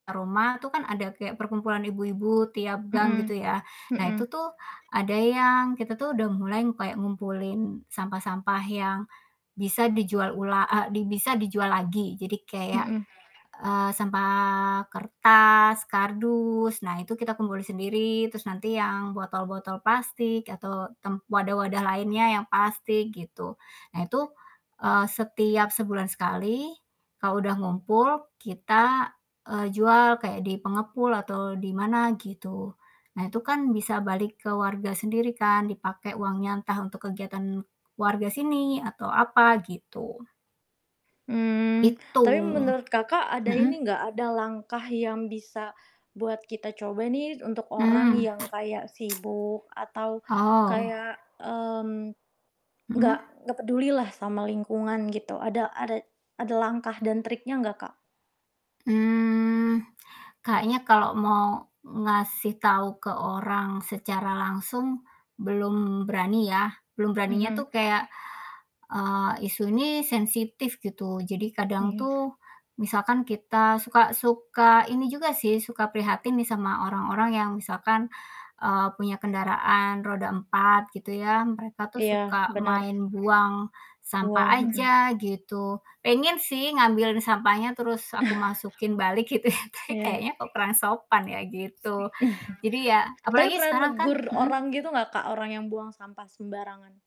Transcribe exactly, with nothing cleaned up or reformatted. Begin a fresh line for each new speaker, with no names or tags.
Roma itu kan ada kayak perkumpulan ibu-ibu tiap gang,
Mhm
gitu ya, nah,
mhm.
itu tuh ada yang kita tuh udah mulai kayak ngumpulin sampah-sampah yang bisa dijual ula e bisa dijual lagi. Jadi kayak,
Mhm.
eee, sampah kertas, kardus, nah itu kita kumpulin sendiri, terus nanti yang botol-botol plastik atau tem wadah-wadah lainnya yang plastik, gitu. Nah itu, eee, setiap sebulan sekali, kalau udah ngumpul, kita, eee, jual kayak di pengepul atau di mana, gitu. Nah, itu kan bisa balik ke warga sendiri kan, dipakai uangnya entah untuk kegiatan warga sini, atau apa, gitu.
Hmm,
Gitu,
tapi menurut Kakak, ada
mhm?
ini nggak, ada langkah yang bisa buat kita coba nih untuk orang
Mmm.
yang kayak sibuk atau
Oh.
kayak, mmm, nggak
Mhm.
nggak peduli lah sama lingkungan gitu, ada ada ada langkah dan triknya enggak, Kak?
Mmm, kayaknya kalau mau ngasih tahu ke orang secara langsung, belum berani ya. Belum beraninya
Mhm.
tuh kayak, eee, isu ini sensitif, gitu. Jadi kadang
Mhm.
tuh misalkan kita suka suka ini juga sih suka prihatin nih sama orang-orang yang misalkan, eee, punya kendaraan roda empat, gitu ya, mereka tuh
Iya,
suka
benar.
main buang sampah
Buang, mhm.
aja, gitu. Pengen sih ngambilin sampahnya terus aku masukin balik gitu ya, tapi
Iya.
kayaknya kok kurang sopan ya, gitu. Jadi ya,
Tapi,
apalagi
pernah
sekarang kan
negur orang
mhm?
gitu nggak Kak, orang yang buang sampah sembarangan?